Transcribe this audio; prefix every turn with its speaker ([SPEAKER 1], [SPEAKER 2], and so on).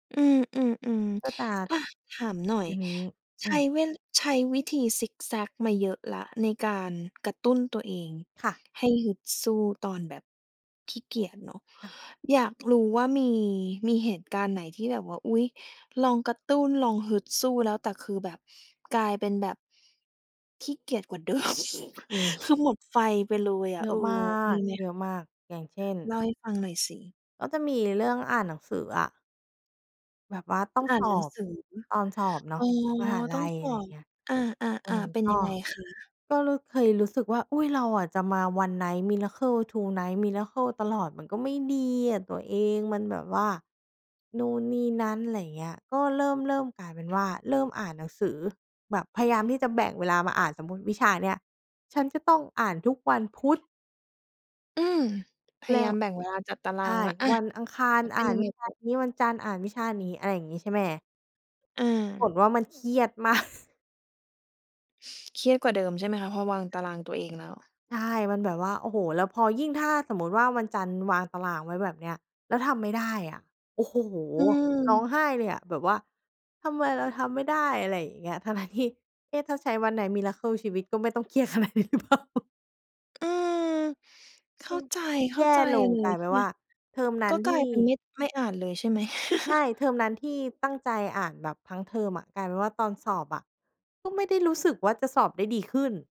[SPEAKER 1] อืม
[SPEAKER 2] ก็ต
[SPEAKER 1] ๆ
[SPEAKER 2] าก
[SPEAKER 1] ๆ อะ ถามหน่อ
[SPEAKER 2] อ
[SPEAKER 1] ย
[SPEAKER 2] ื้อฮือ อ
[SPEAKER 1] ใ
[SPEAKER 2] ื
[SPEAKER 1] ช้
[SPEAKER 2] ม
[SPEAKER 1] เวล ใช้วิธีซิกแซ็กมาเยอะแล้วในการกระตุ้นตัวเอง
[SPEAKER 2] ค่ะ
[SPEAKER 1] ให้ฮึดสู้ตอนแบบ ขี้เกียจเนาะ
[SPEAKER 2] ค่ะ
[SPEAKER 1] อยากรู้ว่า มี มีเหตุการณ์ไหนที่แบบว่า อุ๊ย ลองกระตุ้น ลองฮึดสู้แล้ว แต่คือแบบ กลายเป็นแบบ ขี้เกียจกว่าเดิม
[SPEAKER 2] มี
[SPEAKER 1] คือหมดไฟไปเลยอ
[SPEAKER 2] เ
[SPEAKER 1] ะ
[SPEAKER 2] ยอ
[SPEAKER 1] เอ
[SPEAKER 2] ะ
[SPEAKER 1] อ
[SPEAKER 2] มา
[SPEAKER 1] มี
[SPEAKER 2] ก
[SPEAKER 1] ไหม?
[SPEAKER 2] เยอะมาก อย่างเช่น
[SPEAKER 1] เล่าให้ฟังหน่อยสิ
[SPEAKER 2] ก็จะมีเรื่องอ่านหนังสืออะ แบบว่าต้อง
[SPEAKER 1] อ่า
[SPEAKER 2] ส
[SPEAKER 1] นหนั
[SPEAKER 2] อ
[SPEAKER 1] ง
[SPEAKER 2] บ
[SPEAKER 1] สือ
[SPEAKER 2] ตอนสอบเนา
[SPEAKER 1] อ๋
[SPEAKER 2] ะ
[SPEAKER 1] อ
[SPEAKER 2] มหา
[SPEAKER 1] ต
[SPEAKER 2] ล
[SPEAKER 1] ้อง
[SPEAKER 2] ัย
[SPEAKER 1] ส
[SPEAKER 2] อะ
[SPEAKER 1] อ
[SPEAKER 2] ไร
[SPEAKER 1] บ
[SPEAKER 2] เงี้ย
[SPEAKER 1] อ
[SPEAKER 2] เอ
[SPEAKER 1] า
[SPEAKER 2] อ
[SPEAKER 1] ๆ ๆ เป็น
[SPEAKER 2] ก
[SPEAKER 1] ยั
[SPEAKER 2] ็
[SPEAKER 1] งไงคะ?
[SPEAKER 2] ก็รู้ เคยรู้สึกว่า อุ๊ย เราอะจะมา one night miracle two night miracle ตลอดมันก็ไม่ดีอะตัวเอง มันแบบว่า นู่นนี่นั้น อะไรอย่างเงี้ย ก็เริ่ม ๆ กลายเป็นว่า เริ่มอ่านหนังสือแบบพยายามที่จะแบ่งเวลามาอ่าน สมมุติ วิชาเนี้ย ฉันจะต้องอ่านทุกวันพุธ
[SPEAKER 1] อืม พ
[SPEAKER 2] แล
[SPEAKER 1] ย
[SPEAKER 2] ้
[SPEAKER 1] ายา
[SPEAKER 2] ว
[SPEAKER 1] มแบ่งเวลาจัดตาร
[SPEAKER 2] ใช
[SPEAKER 1] า
[SPEAKER 2] ่
[SPEAKER 1] งแล้ว อา
[SPEAKER 2] วันอังคา
[SPEAKER 1] แ
[SPEAKER 2] ร
[SPEAKER 1] ล้วเ
[SPEAKER 2] อ
[SPEAKER 1] ป
[SPEAKER 2] ่
[SPEAKER 1] ็
[SPEAKER 2] า
[SPEAKER 1] น
[SPEAKER 2] น
[SPEAKER 1] ยัง
[SPEAKER 2] ว
[SPEAKER 1] ไ
[SPEAKER 2] ิ
[SPEAKER 1] ง
[SPEAKER 2] ช
[SPEAKER 1] ต
[SPEAKER 2] า
[SPEAKER 1] ่อ?
[SPEAKER 2] นี้ วันจันทร์อ่านวิชานี้ อะไรอย่างงี้ ใช่ไหม?
[SPEAKER 1] อ
[SPEAKER 2] ผ
[SPEAKER 1] า
[SPEAKER 2] ลว่ามันเครียด มาก
[SPEAKER 1] เครียดกว่าเดิมใช่ไหมคะ? พอวางตารางตัวเองแล้ว
[SPEAKER 2] ใช่ มันแบบว่า โอ้โฮ แล้วพอยิ่งถ้าสมมุติว่า วันจันทร์วางตารางไว้แบบเนี้ย แล้วทำไม่ได้อะ โอ้โฮ
[SPEAKER 1] อ
[SPEAKER 2] ร้อ
[SPEAKER 1] ืม
[SPEAKER 2] งไห้เลยอะ แบบว่า ทำไมเราทำไม่ได้ อะไรอย่างเงี้ย ทั้ง ๆ ที่ เอ๊ะ ถ้าใช้ one night miracle ชีวิตก็ไม่ต้องเครียด ขนาดนี้หรือเปล่า?
[SPEAKER 1] อืม เข
[SPEAKER 2] เ
[SPEAKER 1] ้
[SPEAKER 2] อ
[SPEAKER 1] า
[SPEAKER 2] อ
[SPEAKER 1] ใจ เข
[SPEAKER 2] แ
[SPEAKER 1] ้
[SPEAKER 2] ย
[SPEAKER 1] า
[SPEAKER 2] ่
[SPEAKER 1] ใจ
[SPEAKER 2] ลง
[SPEAKER 1] เล
[SPEAKER 2] ก
[SPEAKER 1] ย
[SPEAKER 2] ลายเป็น
[SPEAKER 1] เน
[SPEAKER 2] ว
[SPEAKER 1] ี่
[SPEAKER 2] ่
[SPEAKER 1] ย
[SPEAKER 2] า เทอมนั
[SPEAKER 1] ก
[SPEAKER 2] ้
[SPEAKER 1] ็
[SPEAKER 2] น
[SPEAKER 1] ก
[SPEAKER 2] ท
[SPEAKER 1] ลา
[SPEAKER 2] ี
[SPEAKER 1] ย
[SPEAKER 2] ่
[SPEAKER 1] เป็น ไม่ ไม่อ่านเลยใช่ไหม?
[SPEAKER 2] ใช่ เทอมนั้นที่ตั้งใจอ่านแบบทั้งเทอมอะ กลายเป็นว่าตอนสอบอะ ก็ไม่ได้รู้สึกว่าจะสอบได้ดีขึ้น